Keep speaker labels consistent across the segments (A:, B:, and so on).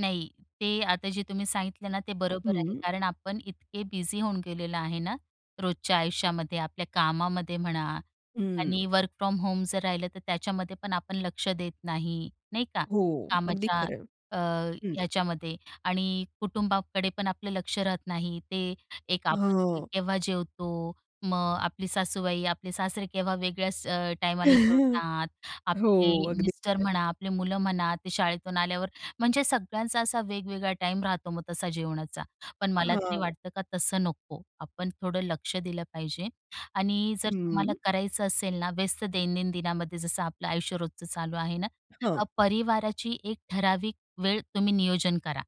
A: नाही. ते आता जे तुम्ही सांगितले ना, ते बरोबर आहे,
B: हं.
A: कारण आपण इतके बिझी होऊन गेलेलो आहे ना, रोजच्या आयुष्यामध्ये, आपल्या कामामध्ये म्हणा
B: हं.
A: आणि वर्क फ्रॉम होम जर राहिलं तर त्याच्यामध्ये पण आपण लक्ष देत नाही, नाही का?
B: हो. अगदी
A: कामाच्या
B: खरं आहे.
A: अ,
B: हं.
A: याच्यामध्ये आणि कुटुंबाकडे पण आपलं लक्ष राहत नाही, ते एक आपण
B: हां.
A: केव्हा जेवतो मग आपली सासूबाई, आपले सासरे केव्हा वेगळ्याच अ, टायमाला
B: हो.
A: जेवतात, आपले
B: अगदी
A: मिस्टर
B: खरं आहे.
A: म्हणा, आपली मुलं म्हणा, ते शाळेतून आल्यावर म्हणजे सगळ्यांचा असा वेगवेगळा टाईम राहतो मग तसा जेवणाचा. पण मला तरी
B: हां.
A: वाटतं का तसं नको, आपण थोडं लक्ष दिलं पाहिजे आणि जर
B: हं.
A: तुम्हाला करायचं असेल ना व्यस्त दैनंदिनमध्ये, जसं आपलं आयुष्य रोजचं चालू आहे ना,
B: हां.
A: परिवाराची एक ठराविक वेळ तुम्ही नियोजन करा,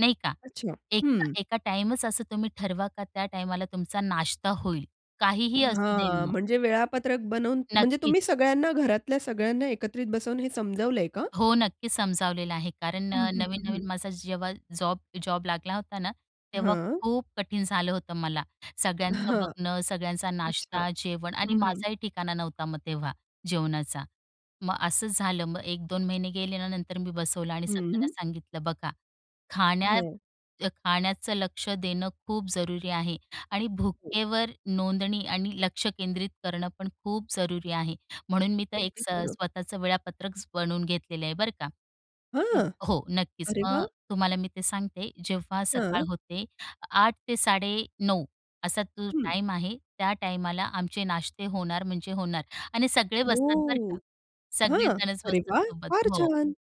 A: नाही का
B: अच्छा. हं.
A: एका-एका टाईमच असं तुम्ही ठरवा का, त्या टाईमाला तुमचा नाश्ता होईल काहीही असू दे
B: हां.
A: मग.
B: म्हणजे वेळापत्रक बनवून म्हणजे
A: नक्कीच.
B: तुम्ही सगळ्यांना घरातल्या सगळ्यांना एकत्रित बसवून हे समजलंय का?
A: हो नक्कीच समजावलेलं आहे. कारण
B: हं,
A: अ,
B: हं, हं, हं.
A: नवीन-नवीन माझा जेव्हा, जॉब जॉब लागला होता ना, तेव्हा
B: हां.
A: खूप कठीण झालं होतं मला सगळ्यांचं
B: हां.
A: बघणं, सगळ्यांचा
B: अच्छा.
A: नाश्ता, जेवण आणि
B: हं, हं.
A: माझाही ठिकाणा नव्हता मग तेव्हा जेवणाचा. मग असंच झालं मग 1-2 महिने गेले आणि नंतर मी बसवला आणि सगळ्यांना
B: हं.
A: सांगितलं, बघा खाण्यात
B: हां.
A: खाण्याचं लक्ष देणं खूप जरुरी आहे आणि
B: हो.
A: भुकेवर नोंदणी आणि लक्ष केंद्रित करणं पण खूप जरुरी आहे. म्हणून मी तर एक
B: अगदी
A: स
B: खरं.
A: स्वतःचं वेळापत्रकच बनवून घेतलेलं आहे बरं का
B: हां.
A: हो नक्कीच
B: अरे
A: मग
B: वाह!
A: तुम्हाला मी ते सांगते. जेव्हा सकाळ
B: हां.
A: होते 8:00 ते 9:30 असा तो
B: हं
A: टाईम आहे. त्या टाईमाला आमचे नाश्ते होणार म्हणजे होणार आणि सगळे बसतात बरं का?
B: हो. हां.
A: सगळेजणच
B: अरे
A: बसतात
B: वाह!
A: सोबत
B: फार
A: हो
B: छान.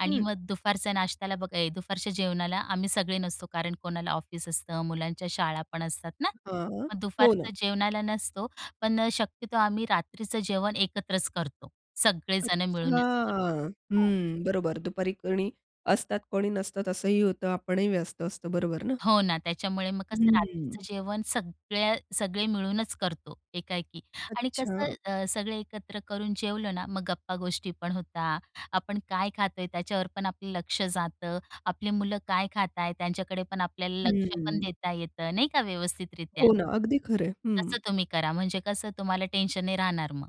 A: आणि
B: हं.
A: मग दुपारच्या नाश्त्याला बघा दुपारच्या जेवणाला आम्ही सगळे नसतो. कारण कोणाला ऑफिस असतं. मुलांच्या शाळा पण असतात ना.
B: हां.
A: मग
B: हो ना.
A: दुपारचं जेवणाला नसतो पण अ, शक्यतो आम्ही रात्रीचं जेवण एकत्रच करतो. सगळे जण
B: अच्छा.
A: मिळूनच करतो. हो.
B: हं. बरोबर दुपारी कोणी असतात, कोणी नसतात असंही होतं आपणही व्यस्त असतो बरोबर ना?
A: हो ना. त्याच्यामुळे मग कसं
B: हं.
A: रात्रीचं जेवण सगळ्या सगळे मिळूनच करतो एका-एकी आणि कसं
B: अच्छा.
A: अ, सगळे एकत्र करून जेवलं ना, मग गप्पा-गोष्टी पण होतात. आपण काय खातोय त्याच्यावर पण आपलं लक्ष जातं. आपली मुलं काय खातायत त्यांच्याकडे पण आपल्याला लक्ष पण
B: हं.
A: देता येतं, नाही का? व्यवस्थितरीत्या.
B: हो ना. अगदी खरं आहे.
A: तसं
B: हं.
A: तुम्ही करा, म्हणजे कसं तुम्हाला टेन्शन नाही राहणार मग.